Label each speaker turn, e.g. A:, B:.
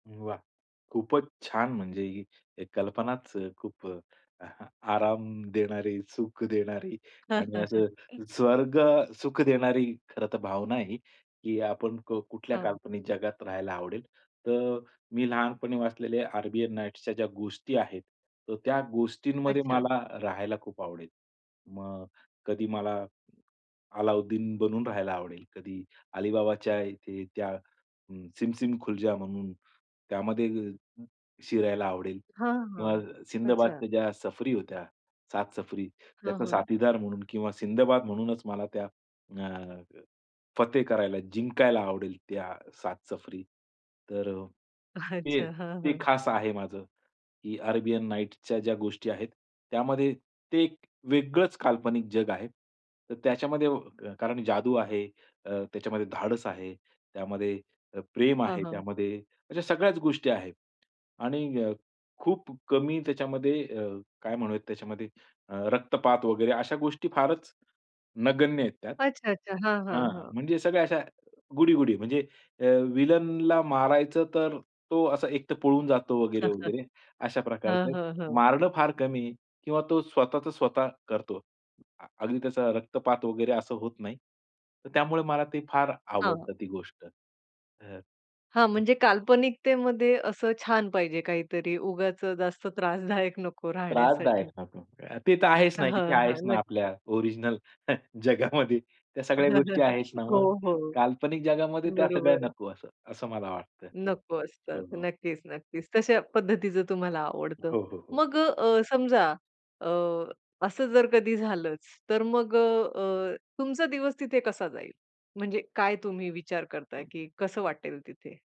A: वाह! खूपच छान म्हणजे ही कल्पनाच खूप आराम देणारी, सुख देणारी आणि असं स्वर्गसुख देणारी खरं तर भावना आहे ही की आपण क कुठल्या
B: हां.
A: काल्पनिक जगात राहायला आवडेल. तर मी लहानपणी वाचलेले अरेबियन नाईट्सच्या ज्या गोष्टी आहेत, तर त्या गोष्टींमध्ये
B: अच्छा.
A: मला राहायला खूप आवडेल. मग कधी मला अलाउद्दीन बनून राहायला आवडेल. कधी अलीबाबाच्या इथे त्या अ, सिम सिम खुल जा म्हणून त्यामध्ये अ, शिरायला आवडेल
B: हां, हां,
A: किंवा
B: अच्छा.
A: सिंदबादच्या ज्या सफरी होत्या, 7 सफरी,
B: हां,
A: त्याचा
B: हां.
A: साथीदार म्हणून किंवा सिंदबाद म्हणूनच मला त्या अ, फते करायला, जिंकायला आवडेल, त्या 7 सफरी. तर अ, ते
B: अच्छा. हां,
A: ते
B: हां.
A: खास आहे माझं, की अरेबियन नाईट्सच्या ज्या गोष्टी आहेत. त्यामध्ये ते एक वेगळंच काल्पनिक जग आहे. तर त्याच्यामध्ये व कारण जादू आहे, अ, त्याच्यामध्ये धाडस आहे, त्यामध्ये अ, प्रेम
B: हां,
A: आहे,
B: हां.
A: त्यामध्ये अशा सगळ्याच गोष्टी आहेत आणि अ, खूप कमी त्याच्यामध्ये अ, काय म्हणूयात त्याच्यामध्ये अ, रक्तपात वगैरे अशा गोष्टी फारच नगण्य आहेत त्यात.
B: अच्छा, अच्छा. हां, हां,
A: हां, हां.
B: हां.
A: म्हणजे सगळ्या अशा गुडी-गुडी. म्हणजे अ, विलनला मारायचं तर तो असा एक तर पळून जातो वगैरे-वगैरे, अशा
B: हं,
A: प्रकारचं.
B: हं, हं.
A: मारणं फार कमी किंवा तो स्वतःचं स्वतः करतो. अगदी त्याचा रक्तपात वगैरे असं होत नाही. तर त्यामुळे मला ते फार
B: हां.
A: आवडतं, ती गोष्ट. हं हं.
B: हां, म्हणजे काल्पनिकतेमध्ये असं छान पाहिजे काहीतरी. उगाचचं जास्त त्रासदायक नको
A: त्रासदायक
B: राहण्यासाठी.
A: नको. अ, ते तर आहेच
B: हां,
A: ना, इथे
B: हां,
A: आहेच ना,
B: नक्की.
A: आपल्या ओरिजिनल जगामध्ये. त्या सगळ्या गोष्टी आहेत ना
B: हो,
A: मग.
B: हो.
A: काल्पनिक जगामध्ये त्या सगळ्या
B: बरोबर आहे.
A: नको असं, असं मला वाटतं.
B: नको असतात.
A: हो, हो.
B: नक्कीच नक्कीच. तशा पद्धतीचं तुम्हाला आवडतं.
A: हो, हो, हो.
B: मग अ, समजा अ, असं जर कधी झालंच, तर मग अ, अ, तुमचा दिवस तिथे कसा जाईल? म्हणजे काय तुम्ही विचार करताय की कसं वाटेल तिथे?